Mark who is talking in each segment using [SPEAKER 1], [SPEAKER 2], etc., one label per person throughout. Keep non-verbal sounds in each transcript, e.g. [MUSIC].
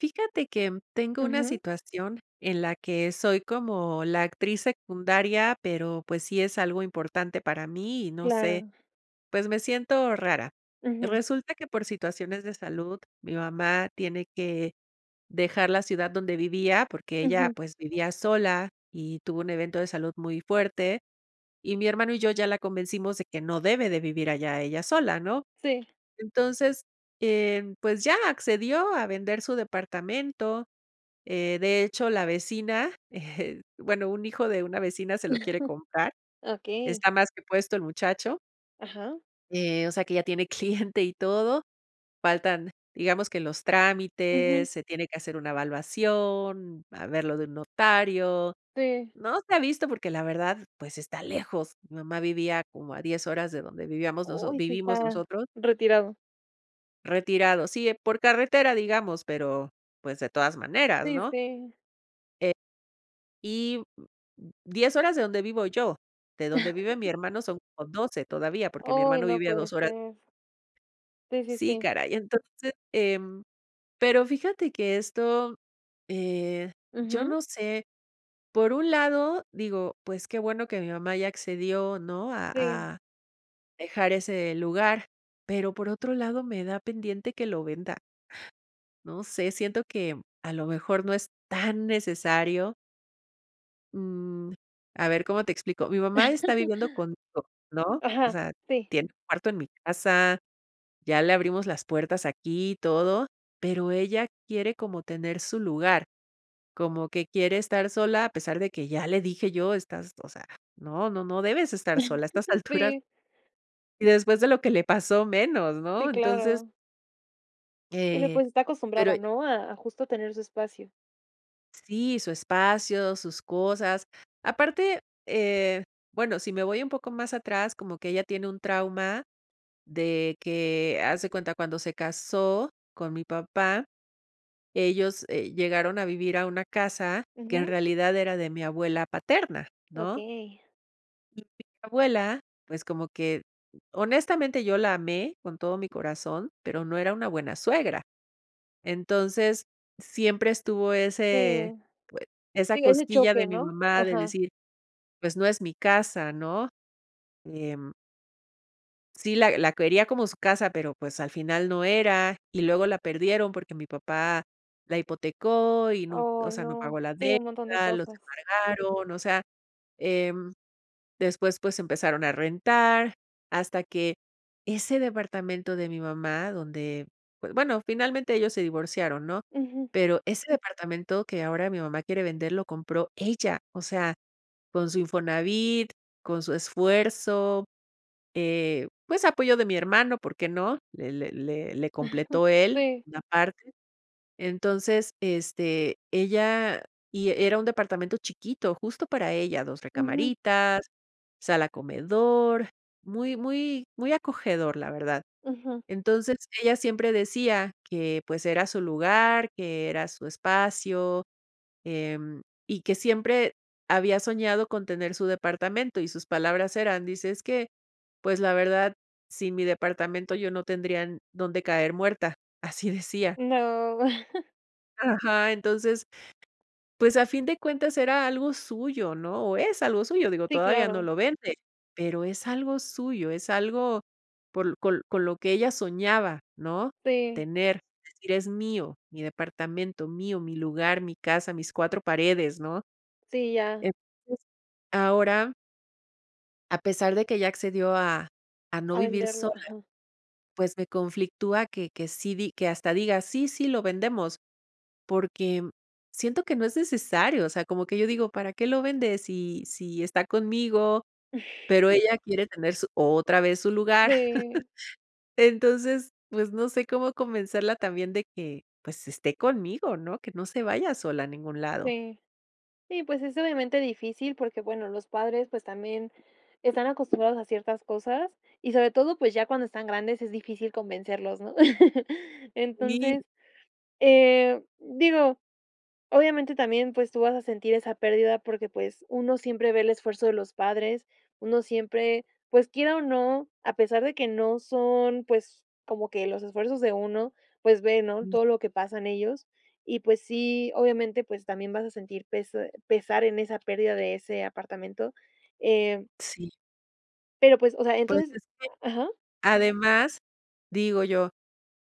[SPEAKER 1] Fíjate que tengo una
[SPEAKER 2] Ujú.
[SPEAKER 1] situación en la que soy como la actriz secundaria, pero pues sí es algo importante para mí y no sé,
[SPEAKER 2] Claro.
[SPEAKER 1] pues me siento rara,
[SPEAKER 2] Ujú.
[SPEAKER 1] resulta que por situaciones de salud, mi mamá tiene que dejar la ciudad donde vivía porque ella,
[SPEAKER 2] Ujú.
[SPEAKER 1] pues vivía sola y tuvo un evento de salud muy fuerte y mi hermano y yo ya la convencimos de que no debe de vivir allá ella sola, ¿no?,
[SPEAKER 2] Sí.
[SPEAKER 1] entonces, eh, pues ya accedió a vender su departamento, eh, de hecho, la vecina, eh, bueno, un hijo de una vecina se lo quiere comprar,
[SPEAKER 2] [CHUCKLES] Okey.
[SPEAKER 1] está más que puesto el muchacho,
[SPEAKER 2] Ajá.
[SPEAKER 1] eh, o sea que ya tiene cliente y todo, faltan, digamos que los trámites,
[SPEAKER 2] Ujú.
[SPEAKER 1] se tiene que hacer una evaluación, a ver lo de un notario,
[SPEAKER 2] Sí.
[SPEAKER 1] no se ha visto porque la verdad, pues está lejos, mi mamá vivía como a 10 horas de donde vivíamos noso
[SPEAKER 2] Uy, sí
[SPEAKER 1] vivimos
[SPEAKER 2] está
[SPEAKER 1] nosotros.
[SPEAKER 2] retirado.
[SPEAKER 1] Retirado, sí, por carretera, digamos, pero pues, de todas maneras,
[SPEAKER 2] Sí,
[SPEAKER 1] ¿no?
[SPEAKER 2] sí.
[SPEAKER 1] Eh, y, 10 horas de donde vivo yo, de donde vive mi
[SPEAKER 2] [CHUCKLES]
[SPEAKER 1] hermano, son como 12 todavía, porque mi
[SPEAKER 2] ¡Oy!,
[SPEAKER 1] hermano
[SPEAKER 2] no
[SPEAKER 1] vive a
[SPEAKER 2] puede
[SPEAKER 1] 2 horas.
[SPEAKER 2] ser. Sí, sí,
[SPEAKER 1] Sí,
[SPEAKER 2] sí.
[SPEAKER 1] caray. Entonces, em, pero fíjate que esto, eh, yo
[SPEAKER 2] Ujú.
[SPEAKER 1] no sé, por un lado, digo, pues, qué bueno que mi mamá ya accedió, ¿no?, a
[SPEAKER 2] Sí.
[SPEAKER 1] a dejar ese lugar, pero por otro lado, me da pendiente que lo venda. No sé, siento que a lo mejor no es tan necesario. Mm, a ver ¿cómo te explico?, mi mamá está viviendo
[SPEAKER 2] [CHUCKLES]
[SPEAKER 1] conmigo, ¿no?, o
[SPEAKER 2] Ajá,
[SPEAKER 1] sea,
[SPEAKER 2] sí.
[SPEAKER 1] tiene un cuarto en mi casa. Ya le abrimos las puertas aquí y todo. Pero, ella quiere como tener su lugar, como que quiere estar sola, a pesar de que ya le dije yo: ·"Estás, o sea, no, no, no debes estar sola a estas
[SPEAKER 2] [CHUCKLES]
[SPEAKER 1] alturas".
[SPEAKER 2] Sí.
[SPEAKER 1] Y después de lo que le pasó menos,
[SPEAKER 2] Sí,
[SPEAKER 1] ¿no?, entonces
[SPEAKER 2] claro. Bueno,
[SPEAKER 1] Eh,
[SPEAKER 2] pues, está
[SPEAKER 1] pero
[SPEAKER 2] acostumbrada, ¿no?, a a justo tener su espacio.
[SPEAKER 1] Sí, su espacio, sus cosas, aparte, eh, bueno, si me voy un poco más atrás, como que ella tiene un trauma, de que haz de cuenta cuando se casó con mi papá, ellos, eh, llegaron a vivir a una casa que en
[SPEAKER 2] Ujú.
[SPEAKER 1] realidad, era de mi abuela paterna, ¿no?
[SPEAKER 2] Okey.
[SPEAKER 1] [UNINTELLIGIBLE] Mi abuela, pues, como que honestamente, yo la amé con todo mi corazón, pero, no era una buena suegra. Entonces, siempre estuvo
[SPEAKER 2] Sí.
[SPEAKER 1] ese pues, esa
[SPEAKER 2] Sí, ese
[SPEAKER 1] cosquilla de
[SPEAKER 2] choque,
[SPEAKER 1] mi
[SPEAKER 2] ¿no?,
[SPEAKER 1] mamá de
[SPEAKER 2] ajá.
[SPEAKER 1] decir, pues, no es mi casa, ¿no?, em. Sí, la la quería como su casa, pero, pues, al final no era, y luego la perdieron porque mi papá la hipotecó y nun o
[SPEAKER 2] Ay,
[SPEAKER 1] sea, no pagó
[SPEAKER 2] no.
[SPEAKER 1] la
[SPEAKER 2] Sí, un montón de
[SPEAKER 1] deuda, los
[SPEAKER 2] cosas.
[SPEAKER 1] embargaron. O sea, em, después, pues, empezaron a rentar hasta que ese departamento de mi mamá donde B bueno, finalmente ellos se divorciaron, ¿no?,
[SPEAKER 2] Ujú.
[SPEAKER 1] pero ese departamento que ahora mi mamá quiere vender lo compró ella, o sea, con su Infonavit, con su esfuerzo, eh, pues, apoyo de mi hermano, por qué no, le le le le
[SPEAKER 2] [CHUCKLES]
[SPEAKER 1] completó él
[SPEAKER 2] Sí.
[SPEAKER 1] una parte. Entonces, este, ella y era un departamento chiquito justo para ella. Dos
[SPEAKER 2] Ujú.
[SPEAKER 1] recamaritas, sala comedor, muy, muy, muy acogedor, la verdad.
[SPEAKER 2] Ujú.
[SPEAKER 1] Entonces, ella siempre decía: "Que, pues, era su lugar, que era su espacio, em, y que siempre había soñado con tener su departamento", y sus palabras eran, dice, es que: "Pues, la verdad, sin mi departamento, yo no tendría en dónde caer muerta". Así [CHUCKLES] decía.
[SPEAKER 2] No. [CHUCKLES]
[SPEAKER 1] Ajá. Entonces, pues, a fin de cuentas, era algo suyo, ¿no?, o es algo suyo, digo,
[SPEAKER 2] Sí,
[SPEAKER 1] todavía no
[SPEAKER 2] claro.
[SPEAKER 1] lo vende, pero es algo suyo, es algo por con con lo que ella soñaba, ¿no?,
[SPEAKER 2] Sí.
[SPEAKER 1] tener, decir: "Es mío, mi departamento, mío, mi lugar, mi casa, mis cuatro paredes", ¿no?,
[SPEAKER 2] Sí, ya.
[SPEAKER 1] entonces ahora a pesar de que ya accedió a a no
[SPEAKER 2] A
[SPEAKER 1] vivir
[SPEAKER 2] venderlo,
[SPEAKER 1] sola,
[SPEAKER 2] ajá.
[SPEAKER 1] pues, me conflictúa que que sí di que hasta diga sí, sí, lo vendemos, porque, mm, siento que no es necesario, o sea, como que yo digo: "¿Para qué lo vende si si está conmigo?", pero
[SPEAKER 2] [CHUCKLES]
[SPEAKER 1] ella quiere tener su otra vez su lugar.
[SPEAKER 2] Sí.
[SPEAKER 1] [CHUCKLES] Entonces, pues, no sé cómo convencerla también de que, pues, esté conmigo, ¿no?, que no se vaya sola a ningún lado.
[SPEAKER 2] Sí, sí, pues, es, obviamente, difícil porque, bueno, los padres, pues, también están acostumbrados a ciertas cosas y, sobre todo, pues, ya cuando están grandes es difícil convencerlos, ¿no? [LAUGHS]
[SPEAKER 1] Sí.
[SPEAKER 2] Entonces, eh, digo, obviamente, también, pues, tú vas a sentir esa pérdida porque, pues, uno siempre ve el esfuerzo de los padres, uno siempre, pues, quiera o no, a pesar de que no son, pues, como que los esfuerzos de uno, pues, ve, ¿no?,
[SPEAKER 1] [UNINTELLIGIBLE]
[SPEAKER 2] todo lo que pasan ellos, y, pues, sí, obviamente, pues, también vas a sentir pes pesar en esa pérdida de ese apartamento, eh
[SPEAKER 1] Sí.
[SPEAKER 2] Pero, pues, o sea,
[SPEAKER 1] Pues,
[SPEAKER 2] ¿entonces?
[SPEAKER 1] es que,
[SPEAKER 2] Ajá.
[SPEAKER 1] además, digo yo,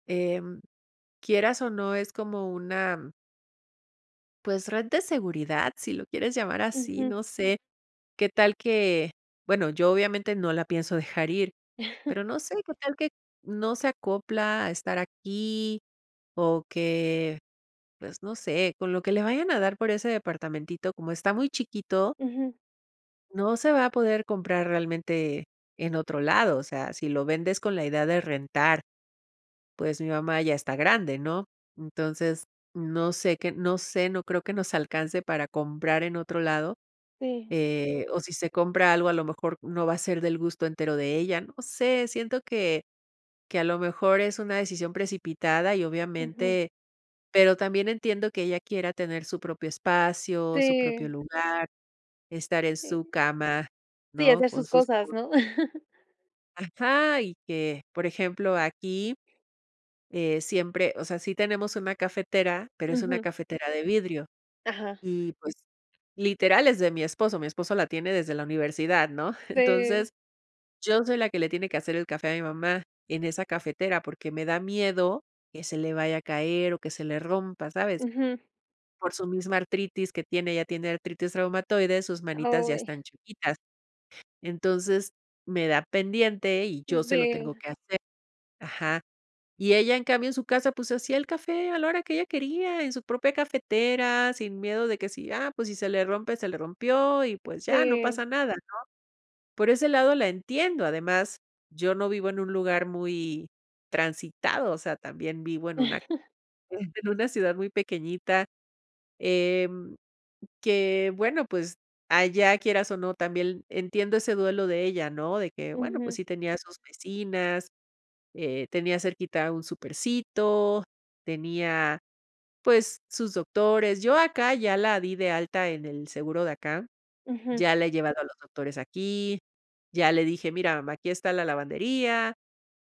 [SPEAKER 1] em, quieras o no, es como una pues, red de seguridad, si lo quieres llamar así,
[SPEAKER 2] Ujú.
[SPEAKER 1] no sé, qué tal que, bueno, yo, obviamente, no la pienso dejar ir,
[SPEAKER 2] [CHUCKLES]
[SPEAKER 1] pero no sé qué tal que no se acopla a estar aquí o que, pues, no sé, con lo que le vayan a dar por ese departamentito como está muy chiquito
[SPEAKER 2] Ujú.
[SPEAKER 1] no se va a poder comprar realmente en otro lado, o sea, si lo vendes con la idea de rentar, pues, mi mamá ya está grande, ¿no?, entonces no sé qué no sé, no creo que nos alcance para comprar en otro lado,
[SPEAKER 2] Sí.
[SPEAKER 1] eh, o si se compra algo, a lo mejor no va a ser del gusto entero de ella, no sé, siento que que a lo mejor es una decisión precipitada y,
[SPEAKER 2] Ujú.
[SPEAKER 1] obviamente pero también entiendo que ella quiera tener su propio espacio, su propio
[SPEAKER 2] Sí.
[SPEAKER 1] lugar, estar en su
[SPEAKER 2] Sí.
[SPEAKER 1] cama,
[SPEAKER 2] Sí,
[SPEAKER 1] ¿no?,
[SPEAKER 2] hacer
[SPEAKER 1] con
[SPEAKER 2] sus
[SPEAKER 1] sus
[SPEAKER 2] cosas,
[SPEAKER 1] cosas.
[SPEAKER 2] ¿no? [CHUCKLES]
[SPEAKER 1] Ajá, y que, por ejemplo, aquí, eh, siempre, o sea, sí, tenemos una cafetera, pero es una
[SPEAKER 2] Ujú.
[SPEAKER 1] cafetera de vidrio
[SPEAKER 2] Ajá.
[SPEAKER 1] y pues literal es de mi esposo, mi esposo la tiene desde la universidad, ¿no?, [CHUCKLES]
[SPEAKER 2] Sí.
[SPEAKER 1] entonces yo soy la que le tiene que hacer el café a mi mamá en esa cafetera porque me da miedo que se le vaya a caer o que se le rompa, ¿sabes?,
[SPEAKER 2] Ujú.
[SPEAKER 1] por su misma artritis que tiene, ella tiene artritis reumatoide, sus manitas ya
[SPEAKER 2] Uy.
[SPEAKER 1] están chuequitas, entonces me da pendiente y yo se lo
[SPEAKER 2] Sí.
[SPEAKER 1] tengo que hacer ajá, y ella, en cambio, en su casa, pues se hacía el café a la hora que ella quería en su propia cafetera, sin miedo de que si, ah, pues si se le rompe, se le rompió y pues ya no
[SPEAKER 2] Sí.
[SPEAKER 1] pasa nada, ¿no?, por ese lado, la entiendo, además, yo no vivo en un lugar muy transitado, o sea, también vivo en una
[SPEAKER 2] [CHUCKLES]
[SPEAKER 1] [CHUCKLES] en una ciudad muy pequeñita, em, que bueno, pues allá quieras o no, también entiendo ese duelo de ella, ¿no?, de que bueno, pues
[SPEAKER 2] Ujú.
[SPEAKER 1] sí tenía sus vecinas, eh, tenía cerquita un supercito, tenía, pues sus doctores, yo acá ya la di de alta en el seguro de acá,
[SPEAKER 2] Ujú.
[SPEAKER 1] ya la he llevado a los doctores aquí, ya le dije: "Mira, mamá, aquí está la lavandería,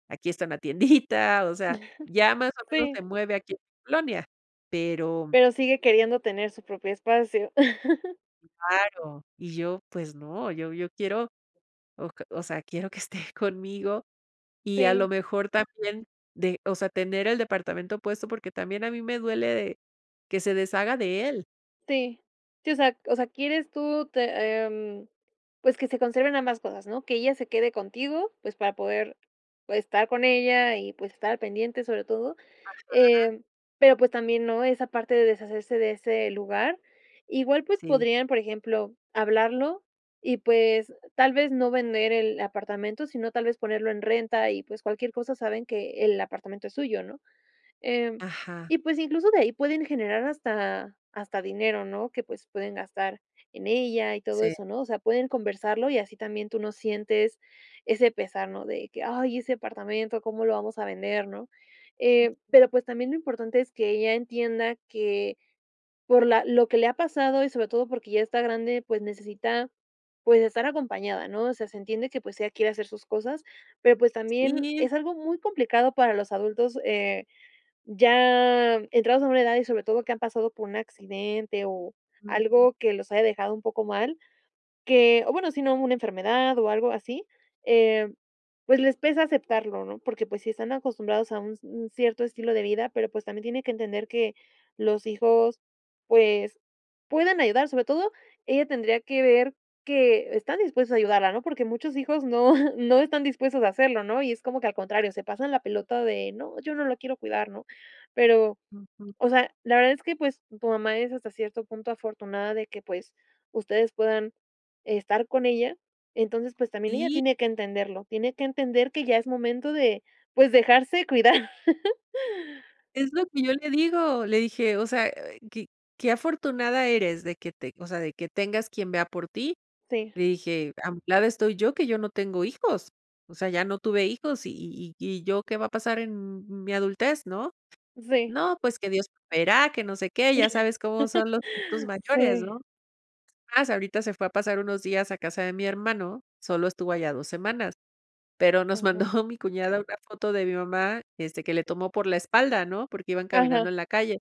[SPEAKER 1] aquí está una tiendita", o sea, ya
[SPEAKER 2] [CHUCKLES]
[SPEAKER 1] más o menos
[SPEAKER 2] Sí.
[SPEAKER 1] se mueve aquí en mi colonia, pero.
[SPEAKER 2] Pero sigue queriendo tener su propio espacio. [CHUCKLES]
[SPEAKER 1] Claro, y yo pues no, yo yo quiero o o sea, quiero que esté conmigo y a lo
[SPEAKER 2] Sí.
[SPEAKER 1] mejor también de, o sea, tener el departamento puesto, porque también a mí me duele de que se deshaga de él.
[SPEAKER 2] Sí, sí, o sea o sea, quieres tú te em, pues que se conserven ambas cosas, ¿no?, que ella se quede contigo, pues para poder estar con ella y pues estar pendiente, sobre todo,
[SPEAKER 1] Ajá.
[SPEAKER 2] em, pero pues también, ¿no?, esa parte de deshacerse de ese lugar, igual pues
[SPEAKER 1] Sí.
[SPEAKER 2] podrían, por ejemplo, hablarlo y pues tal vez no vender el apartamento, sino tal vez ponerlo en renta y pues cualquier cosa saben que el apartamento es suyo, ¿no?, em,
[SPEAKER 1] Ajá.
[SPEAKER 2] y pues incluso de ahí pueden generar hasta hasta dinero, ¿no?, que pues pueden gastar en ella y todo
[SPEAKER 1] Sí.
[SPEAKER 2] eso, ¿no?, o sea, pueden conversarlo y así también tú no sientes ese pesar, ¿no?, de que: "Ay, ese apartamento, ¿cómo lo vamos a vender?", ¿No?, eh,
[SPEAKER 1] Ujú.
[SPEAKER 2] pero pues también lo importante es que ella entienda que por la lo que le ha pasado y sobre todo porque ya está grande, pues necesita, pues estar acompañada, ¿no?, o sea, se entiende que pues ella quiere hacer sus cosas, pero pues también
[SPEAKER 1] Sí.
[SPEAKER 2] es algo muy complicado para los adultos, eh, ya entrados a una edad y sobre todo, que han pasado por un accidente o
[SPEAKER 1] Ujú.
[SPEAKER 2] algo que los haya dejado un poco mal, que o bueno, sino una enfermedad o algo así, eh, pues les pesa aceptarlo, ¿no?, porque pues sí están acostumbrados a un cierto estilo de vida, pero pues también tiene que entender que los hijos, pues puedan ayudar. Sobre todo, ella tendría que ver que están dispuestos a ayudarla, ¿no?, porque muchos hijos no no están dispuestos a hacerlo, ¿no?, y es como que al contrario,
[SPEAKER 1] [UNINTELLIGIBLE]
[SPEAKER 2] se pasan la pelota de: "No, yo no lo quiero cuidar", ¿no?, pero,
[SPEAKER 1] Ujú.
[SPEAKER 2] o sea, la verdad es que pues tu mamá es hasta cierto punto afortunada de que pues ustedes puedan estar con ella. Entonces, pues también ella
[SPEAKER 1] Sí.
[SPEAKER 2] tiene que entenderlo. Tiene que entender que ya es momento de pues dejarse cuidar. [LAUGHS]
[SPEAKER 1] Es lo que yo le digo, le dije: "O sea, que que afortunada eres de que te o sea, de que tengas quien vea por ti."
[SPEAKER 2] Sí.
[SPEAKER 1] Le dije: "A mi lado estoy yo que yo no tengo hijos. O sea, ya no tuve hijos y y y y yo, ¿qué va a pasar en mi adultez, no?,
[SPEAKER 2] Sí.
[SPEAKER 1] 'No pues que Dios proveerá, que no sé qué'", ya sabes cómo son los
[SPEAKER 2] [LAUGHS]
[SPEAKER 1] tos mayores,
[SPEAKER 2] Sí.
[SPEAKER 1] ¿no?, es más ahorita se fue a pasar unos días a casa de mi hermano. Solo estuvo allá dos semanas, pero nos
[SPEAKER 2] Ajá.
[SPEAKER 1] mandó mi cuñada una foto de mi mamá, este, que le tomó por la espalda, ¿no?, porque iban caminando
[SPEAKER 2] Ajá.
[SPEAKER 1] en la calle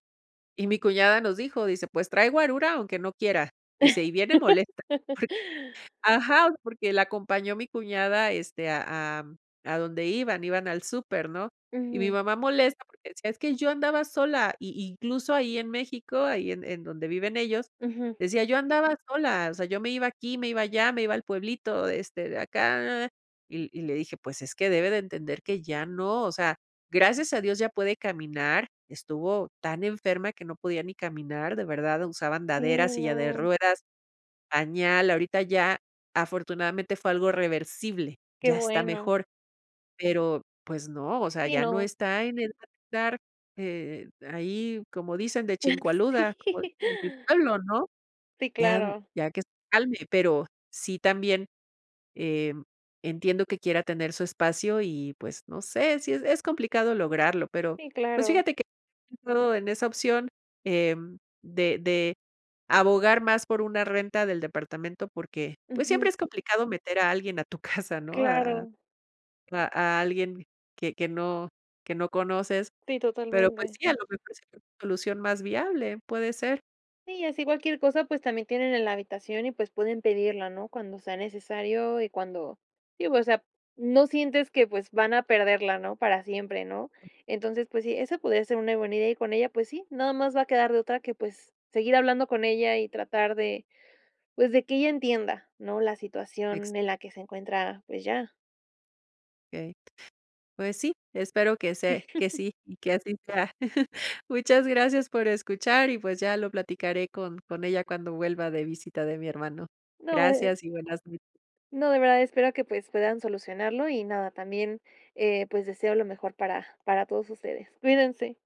[SPEAKER 1] y mi cuñada nos dijo, dice: "Pues trae guarura, aunque no quiera", dice: "Y viene molesta porque",
[SPEAKER 2] [LAUGHS]
[SPEAKER 1] ajá, porque la acompañó mi cuñada, este, a a a donde iban, iban al súper, ¿no?, y mi
[SPEAKER 2] Ujú.
[SPEAKER 1] mamá molesta porque decía: "Es que yo andaba sola", y incluso ahí en México, ahí en en donde viven ellos
[SPEAKER 2] Ujú.
[SPEAKER 1] decía: "Yo andaba sola. O sea, yo me iba aquí, me iba allá, me iba al pueblito de este de acá." Y y le dije: "Pues es que debe de entender que ya no". O sea, gracias a Dios ya puede caminar. Estuvo tan enferma que no podía ni caminar, de verdad, usaba andadera,
[SPEAKER 2] Sí,
[SPEAKER 1] silla de
[SPEAKER 2] no.
[SPEAKER 1] ruedas, pañal. Ahorita ya afortunadamente fue algo reversible.
[SPEAKER 2] Qué
[SPEAKER 1] Ya está
[SPEAKER 2] bueno.
[SPEAKER 1] mejor. Pero pues no, o sea,
[SPEAKER 2] Sí,
[SPEAKER 1] ya no
[SPEAKER 2] no.
[SPEAKER 1] está en edad de estar, eh, ahí, como dicen de
[SPEAKER 2] [LAUGHS]
[SPEAKER 1] chincoaluda, como
[SPEAKER 2] Sí.
[SPEAKER 1] dicen en mi pueblo, ¿no?,
[SPEAKER 2] Sí,
[SPEAKER 1] ya
[SPEAKER 2] claro.
[SPEAKER 1] ya que se calme, pero sí también, em, entiendo que quiera tener su espacio y pues, no sé si, es complicado lograrlo, pero
[SPEAKER 2] Sí,
[SPEAKER 1] pues
[SPEAKER 2] claro.
[SPEAKER 1] fíjate que [UNINTELLIGIBLE] en esa opción, em, de de abogar más por una renta del departamento porque pues
[SPEAKER 2] Ujú.
[SPEAKER 1] siempre es complicado meter a alguien a tu casa, ¿no?, a
[SPEAKER 2] Claro.
[SPEAKER 1] a a alguien que que no que no conoces,
[SPEAKER 2] Sí,
[SPEAKER 1] pero pues
[SPEAKER 2] totalmente.
[SPEAKER 1] sí, a lo mejor sería una solución más viable, puede ser.
[SPEAKER 2] Sí, y así cualquier cosa, pues también tienen en la habitación y pues pueden pedirla, ¿no?, cuando sea necesario y cuando sí, o sea, no sientes que pues van a perderla, ¿no?, para siempre, ¿no?, entonces pues sí, eso podría ser una buena idea, y con ella, pues sí, nada más va a quedar de otra que pues seguir hablando con ella y tratar de, pues de que ella entienda, ¿no?, la
[SPEAKER 1] Ex
[SPEAKER 2] situación en la que se encuentra, pues ya.
[SPEAKER 1] Okey. Pues sí, espero que se que
[SPEAKER 2] [LAUGHS]
[SPEAKER 1] sí y que así sea. [CHUCKLES] Muchas gracias por escuchar y pues ya lo platicaré con con ella cuando vuelva de visita de mi hermano.
[SPEAKER 2] No, eh eh
[SPEAKER 1] Gracias y buenas noches.
[SPEAKER 2] No, de verdad, espero que pues puedan solucionarlo y nada también, eh, pues deseo lo mejor para para todos ustedes. Cuídense.